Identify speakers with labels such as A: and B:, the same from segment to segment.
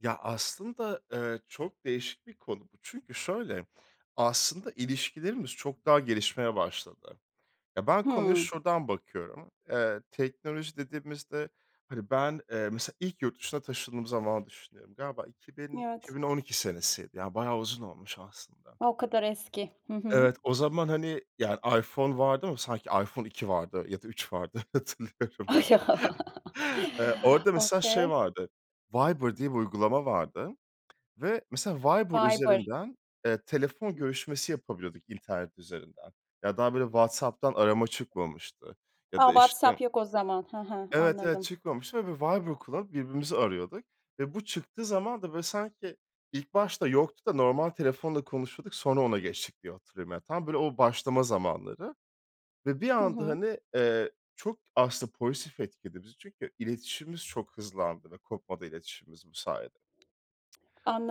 A: Ya aslında, ııı, çok değişik bir konu bu. Çünkü şöyle, aslında ilişkilerimiz çok daha gelişmeye başladı. Ya, ben konuya
B: Hıı.
A: şuradan bakıyorum, ııı, teknoloji dediğimizde, hani ben, ııı, mesela ilk yurt dışına taşındığım zamanı düşünüyorum. Galiba iki bin iki
B: Evet.
A: bin on iki senesiydi, ya bayağı uzun olmuş aslında.
B: O kadar eski. Hı hı.
A: Evet, o zaman, hani, ya, iPhone vardı ama sanki iPhone 2 vardı ya da 3 vardı hatırlıyorum
B: Ay, ya
A: yani. Eee, orada mesela şey
B: Okay.
A: vardı, Viber diye bir uygulama vardı ve mesela Viber
B: Viber.
A: üzerinden, eee, telefon görüşmesi yapabiliyorduk internet üzerinden. Ya daha böyle WhatsApp'tan arama çıkmamıştı ya
B: A,
A: da
B: WhatsApp
A: işte
B: yok o zaman. Hı hı.
A: Evet, evet
B: Anladım.
A: çıkmamıştı ve biz Viber kullanıp birbirimizi arıyorduk ve bu çıktığı zaman da böyle sanki, ilk başta yoktu da normal telefonla konuşuyorduk, sonra ona geçtik diye hatırlıyorum. Ya, tam böyle o başlama zamanları ve bir
B: Hı
A: anda
B: hı.
A: hani, eee, çok aslında pozitif etkiledi bizi. Çünkü iletişimimiz çok hızlandı ve kopmadı iletişimimiz bu sayede.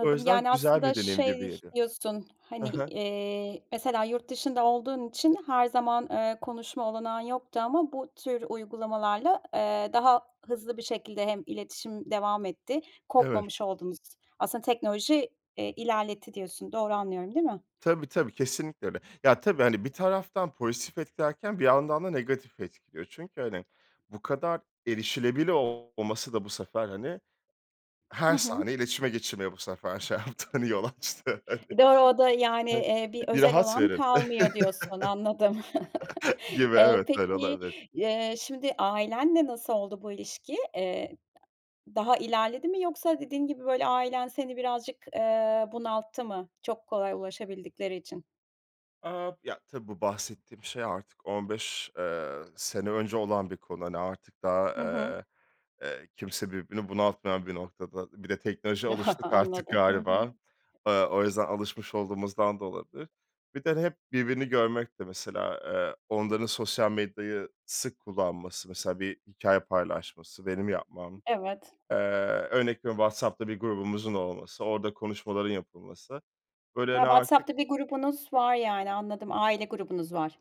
A: O yüzden
B: Yani
A: güzel
B: aslında
A: bir deneyim gibi
B: şey
A: geliyor.
B: diyorsun,
A: Hı
B: hani,
A: hı.
B: eee, mesela yurt dışında olduğun için her zaman, ııı, konuşma olanağın yoktu ama bu tür uygulamalarla, eee, daha hızlı bir şekilde hem iletişim devam etti,
A: Evet.
B: kopmamış oldunuz. Aslında teknoloji, eee, ilerletti diyorsun. Doğru anlıyorum değil mi?
A: Tabii, tabi, Kesinlikle öyle. Ya tabii hani bir taraftan pozitif etkilerken, bir yandan da negatif etkiliyor. Çünkü hani bu kadar erişilebilir olması da bu sefer, hani,
B: Hı
A: her
B: hı.
A: saniye iletişime geçilmeye bu sefer şey yaptı hani yol açtı hani.
B: Doğru, o da yani, eee, bir
A: Bir
B: özel
A: rahat
B: alan
A: verin!
B: kalmıyor diyorsun, anladım.
A: Gibi,
B: E,
A: evet, öyle
B: peki,
A: olabilir.
B: eee, şimdi ailenle nasıl oldu bu ilişki? Eee, daha ilerledi mi yoksa dediğin gibi böyle ailen seni birazcık, eee, bunalttı mı çok kolay ulaşabildikleri için?
A: A! ya tabii bu bahsettiğim şey artık 15, ııı, sene önce olan bir konu. Hani artık daha,
B: Hı hı.
A: eee, eee, kimse birbirini bunaltmayan bir noktada. Bir de teknolojiye alıştık artık
B: Anladım. Hı hı.
A: galiba, ııı, o yüzden alışmış olduğumuzdan da olabilir. Bir de hep birbirini görmek de mesela, ııı, onların sosyal medyayı sık kullanması, mesela bir hikâye paylaşması, benim yapmam,
B: Evet.
A: eee, örnek veriyorum WhatsApp'ta bir grubumuzun olması, orada konuşmaların yapılması. Böyle
B: A,
A: hani artık
B: WhatsApp'ta bir grubunuz var yani anladım. Aile grubunuz var.